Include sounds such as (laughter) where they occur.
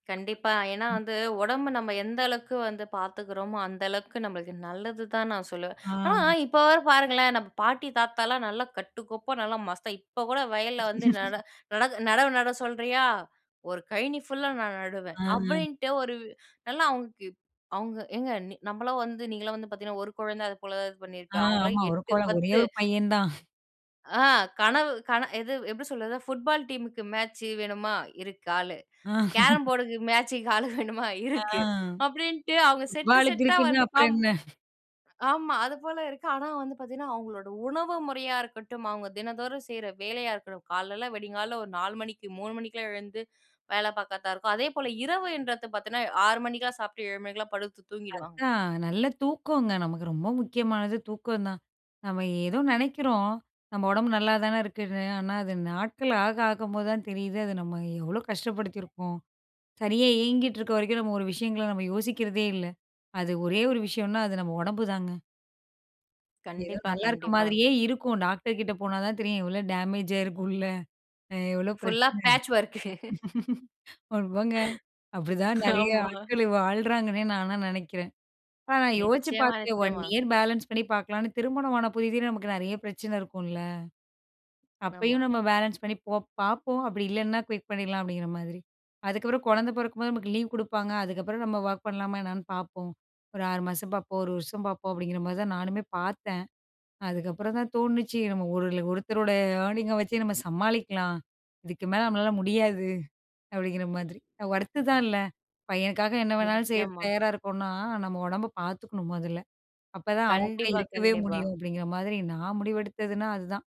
கண்டிப்பா. ஏன்னா ம். வந்து, ஒடம்பு நம்ம எந்த அளவுக்கு வந்து பார்த்துக்கிறோமோ, அந்த அளவுக்கு நம்மளுக்கு நல்லது தான் நான் சொல்லுவேன், ஆ. ஆனா இப்போ வர பாருங்களேன் நம்ம பாட்டி தாத்தாலாம், நல்லா கட்டுக்கோப்பா நல்லா மஸ்தா இப்போ கூட வயல்ல வந்து நட (laughs) நட "நடவு நட சொல்றியா? ஒரு கழனி ஃபுல்லா நான் நடுவேன்" ஆ. ஆ. அப்படின்ட்டு ஒரு, நல்லா அவங்களுக்கு அவங்க ஏங்க நம்மளாம் வந்து "நீங்கள்லாம் வந்து பார்த்திங்கன்னா, ஒரு கொழந்தை" அது போல தான் இது ஆ பண்ணியிருப்போம் அவங்களலாம் ஆமா ஒரு 8 கொளம், ஒரே 10 1 பையன் தான். ஆ கனவு கன எது எப்படி சொல்றது? புட்பால் டீம் க்கு மேட்ச் வேணுமா இருக்கு ஆளு. ஆ. கேரம் (laughs) போர்ட் க்கு மேட்ச் க்கு ஆள் வேணுமா ஆ. இருக்கு. அப்படின்னுட்டு, அவங்க செட்டு புட்பாலுக்கு செட்டா இருக்குங்க வந்து அப்புறம் காம் என்ன? ஆமா அது போல இருக்கு, ஆனா வந்து பார்த்தீங்கன்னா, அவங்களோட உணவு முறையா இருக்கட்டும், அவங்க தினந்தோறும் செய்ற வேலையா இருக்கட்டும், காலைல வெடிங்காலையில ஒரு 4 மணிக்கு 3 மணிக்கெல்லாம் எழுந்து வேலை பார்க்கர்தா இருக்கும், அதே போல இரவுன்றது பார்த்தீங்கன்னா 6 மணிக்கெல்லாம் சாப்பிட்டு 7 மணிக்கெல்லாம் படுத்து தூங்கிடுவாங்க. அதான் நல்ல தூக்கங்க, நமக்கு ரொம்ப முக்கியமானது தூக்கம் தான். நம்ம ஏதோ நெனைக்கிறோம், "நம்ம உடம்பு நல்லாதானே இருக்குன்னு" ஆனா அது நாட்கள் ஆக ஆகும்போது தான் தெரியுது அது நம்ம எவ்வளோ கஷ்டப்படுத்தியிருக்கோம், சரியா இயங்கிட்டு இருக்க வரைக்கும் நம்ம ஒரு விஷயங்களை நம்ம யோசிக்கிறதே இல்லை, அது ஒரே ஒரு விஷயம்னா அது நம்ம ஒடம்பு தாங்க. ஏதோ கண்டிப்பா நல்லா இருக்கிற கண்டிப்பா. மாதிரியே இருக்கும், டாக்டர் கிட்ட போனா தான் தெரியும், எவ்வளோ டேமேஜ் ஆயிருக்கும் உள்ள எவ்வளோ புல்லா பிரச்சன பேட்ச் வொர்க் (chuckles) (laughs) ஆமாங்க அப்படிதான் நிறைய ஆமா. (chuckles) ஆட்கள் வாழுறாங்கன்னே நான்லாம் நெனைக்கிறேன். ஆனா நான் யோசிச்சு நிச்சயமா பார்த்தேன், "ஒன் நிச்சயமா. இயர் பேலன்ஸ் பண்ணி பார்க்கலான்னு" திருமணம் ஆன புதிதுல நமக்கு நிறைய பிரச்சனை இருக்கும்ல, ஆமா. அப்பயும் நம்ம பேலன்ஸ் பண்ணி போ பார்ப்போம், அப்படி இல்லைன்னா குயிட் பண்ணிடலாம் அப்படிங்கிற மாதிரி, அதுக்கப்புறம் கொழந்தை பொறக்கும்போது நமக்கு லீவ் குடுப்பாங்க, அதுக்கப்புறம் நம்ம ஒர்க் பண்ணலாமா என்னன்னு பார்ப்போம், ஒரு 6 மாசம் பார்ப்போம் 1 வருஷம் பார்ப்போம் அப்படிங்கிற மாரி தான் நானுமே பார்த்தேன், அதுக்கப்புறம் தான் தோணுச்சு நம்ம ஒரு "ஒருத்தரோட ஏர்னிங் அ வச்சு நம்ம சமாளிக்கலாம் இதுக்கு மேல நம்மளால முடியாது" அப்படிங்கிற மாதிரி. ஒர்த்து தான் இல்லை பையனுக்காக என்ன வேணாலும் செய்ய நிச்சயமா. தயாரா இருக்கோம்னா, நம்ம ஒடம்பை பார்த்துக்கணும் மொதல்ல. அப்பதான் அவங்க கூட கண்டிப்பா இருக்கவே கண்டிப்பா. முடியும் அப்படிங்கிற மாதிரி நான் முடிவெடுத்ததுனா அதுதான்.